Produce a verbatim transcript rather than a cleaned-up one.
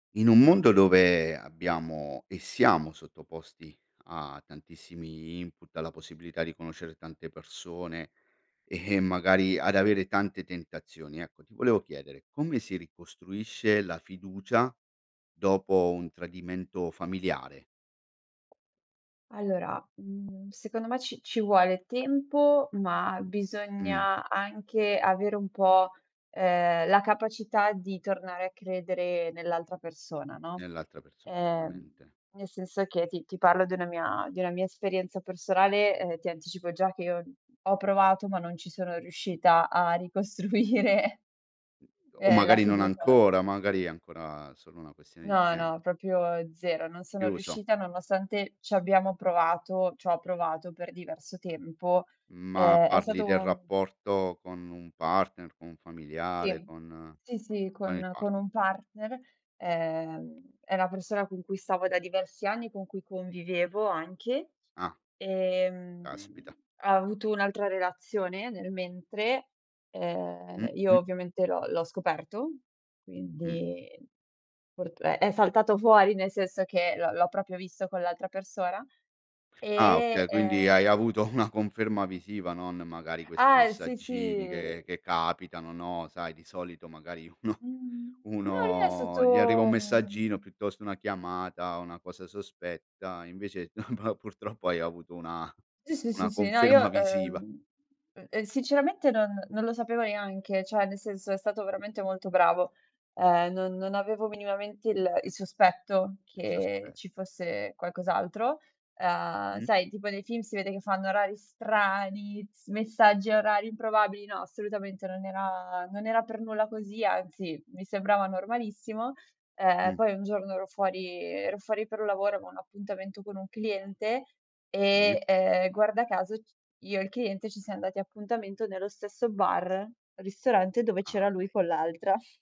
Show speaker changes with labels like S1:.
S1: In un mondo dove abbiamo e siamo sottoposti a tantissimi input, alla possibilità di conoscere tante persone e magari ad avere tante tentazioni, ecco, ti volevo chiedere: come si ricostruisce la fiducia dopo un tradimento familiare?
S2: Allora, mhmm, secondo me ci ci vuole tempo, ma
S1: Mh.
S2: bisogna anche avere un po', ehm, la capacità di tornare a credere nell'altra persona, no?
S1: Nell'altra persona,
S2: Ehm,
S1: rumente.
S2: nel senso che ti ti parlo di una mia di una mia esperienza personale e ti anticipo già che io ho provato, ma non ci sono riuscita a ricostruire
S1: O
S2: ehm, la
S1: magari non
S2: fiducia.
S1: ancora, magari è ancora solo una questione di
S2: No,
S1: temp
S2: no, propio zero. Non sono
S1: Chiuso.
S2: riuscita nonostante ci abbiamo provato c'ho provato per diverso tempo.
S1: Ma
S2: Ehm, è
S1: parli
S2: stato
S1: del
S2: un
S1: rapporto con un partner, con un familiare,
S2: Sì.
S1: con
S2: Sì, sì,
S1: con il
S2: con con
S1: partner.
S2: un partner. Ehm, è la persona con cui stavo da diversi anni, con cui convivevo anche.
S1: Ah.
S2: Ehm,
S1: Caspita.
S2: ha avuto un'altra relazione nel mentre.
S1: Mh,
S2: Ehm, io
S1: mh.
S2: ovviamente l'ho l'ho scoperto.
S1: Mh.
S2: Quindi purt è è saltato fuori, nel senso che l'ho l'ho propio visto con l'altra persona.
S1: Ah,
S2: E,
S1: okay. Quindi
S2: ehm
S1: hai avuto una conferma visiva, non magari questi
S2: Ah l sì,
S1: messaggini
S2: sì.
S1: che che capitano, no, sai, di solito, magari uno
S2: Mh-mh. No lui è
S1: uno gli arriva un
S2: stato
S1: messaggino piuttosto una chiamata, una cosa sospetta invece no ma purtroppo hai avuto una
S2: Sì, sì, sì,
S1: una
S2: sì. No
S1: conferma
S2: io,
S1: visiva.
S2: ehm e e sinceramente non non lo sapevo neanche; ceh, nel senso, è stato veramente molto bravo. Uhm, non non avevo minimamente il il sospetto
S1: Un
S2: che ci
S1: sospetto.
S2: fosse qualcos'altro. Uhm,
S1: Mh.
S2: sai tipo nei film si vede che fanno orari strani, messaggi a orari improbabili, no assolutamente, non era non era per nulla così, anzi mi sembrava normalissimo. Uhm,
S1: Mh.
S2: poi un giorno ero fuori ero fuori per un lavoro, avevo un appuntamento con un cliente
S1: Sì.
S2: e, uhm, guarda caso ci io e il cliente ci siam dati appuntamento nello stesso bar ristorante dove
S1: Ah,
S2: c'era lui
S1: ahi.
S2: con l'altra.